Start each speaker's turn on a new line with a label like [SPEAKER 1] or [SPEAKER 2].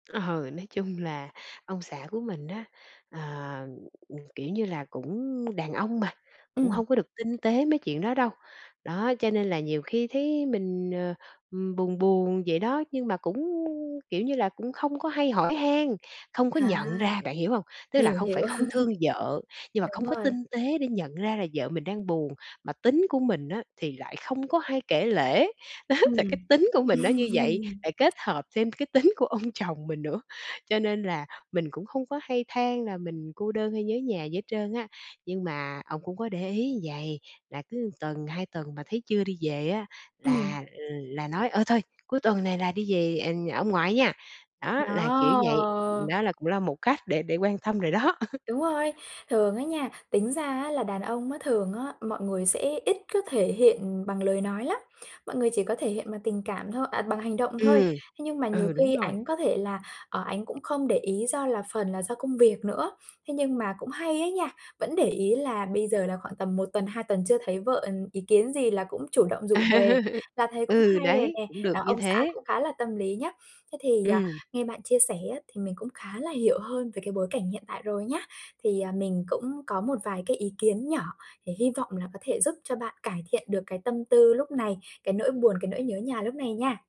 [SPEAKER 1] Ờ, nói chung là ông xã của mình á, ờ, ừm, kiểu như là, cũng đàn ông mà, cũng
[SPEAKER 2] Ừm.
[SPEAKER 1] hông có được tinh tế mấy chuyện đó đâu. Đó, cho nên là nhiều khi thấy mình, ờ, ừm, buồn buồn vậy đó, nhưng mà cũng, kiểu như là, cũng không có hay hỏi han, không có
[SPEAKER 2] À.
[SPEAKER 1] nhận ra, bạn hiểu hông? Tức là
[SPEAKER 2] Hiểu,
[SPEAKER 1] không phải
[SPEAKER 2] hiểu.
[SPEAKER 1] không thương vợ, nhưng mà
[SPEAKER 2] Đúng
[SPEAKER 1] không có
[SPEAKER 2] rồi.
[SPEAKER 1] tinh tế để nhận ra là vợ mình đang buồn. Mà tính của mình á, thì lại không có hay kể lể, đó, tại cái
[SPEAKER 2] Ừm.
[SPEAKER 1] tính của mình nó như vậy, lại kết hợp thêm cái tính của ông chồng mình nữa, cho nên là mình cũng không có hay than là mình cô đơn hay nhớ nhà gì hết trơn á. Nhưng mà ổng cũng có để ý vầy, là cứ tuần, 2 tuần mà thấy chưa đi về á,
[SPEAKER 2] Ừm.
[SPEAKER 1] là, ừ, là nói: "Ơ, thôi, cuối tuần này là đi về, ờ, ờ, ông ngoại nha." Đó, là kiểu vậy,
[SPEAKER 2] Đó.
[SPEAKER 1] đó là cũng là một cách để để quan tâm rồi đó.
[SPEAKER 2] Đúng rồi. Thường á nha, tính ra á là đàn ông á, thường á mọi người sẽ ít có thể hiện, ừm, bằng lời nói lắm, mọi người chỉ có thể hiện bằng tình cảm thôi à, bằng hành động thôi.
[SPEAKER 1] Ừm,
[SPEAKER 2] Thế nhưng mà nhiều
[SPEAKER 1] ừ, đúng
[SPEAKER 2] khi
[SPEAKER 1] rồi.
[SPEAKER 2] ảnh có thể là, ờ, ảnh cũng không để ý do là phần là do công việc nữa, thế nhưng mà cũng hay ấy nha, vẫn để ý là bây giờ là khoảng tầm 1 tuần, 2 tuần chưa thấy vợ, ừm, ý kiến gì là cũng chủ động rủ về, là thấy cũng
[SPEAKER 1] Ừ,
[SPEAKER 2] hay rồi
[SPEAKER 1] đấy,
[SPEAKER 2] nè,
[SPEAKER 1] cũng được
[SPEAKER 2] đó,
[SPEAKER 1] như
[SPEAKER 2] ông xã
[SPEAKER 1] thế.
[SPEAKER 2] cũng khá là tâm lý nhá. Thế thì, à,
[SPEAKER 1] Ừm.
[SPEAKER 2] nghe bạn chia sẻ á thì mình cũng khá là hiểu hơn về cái bối cảnh hiện tại rồi nhá. Thì, à, mình cũng có một vài cái ý kiến nhỏ thì hy vọng là có thể giúp cho bạn cải thiện được cái tâm tư lúc này, cái nỗi buồn, cái nỗi nhớ nhà lúc này nha.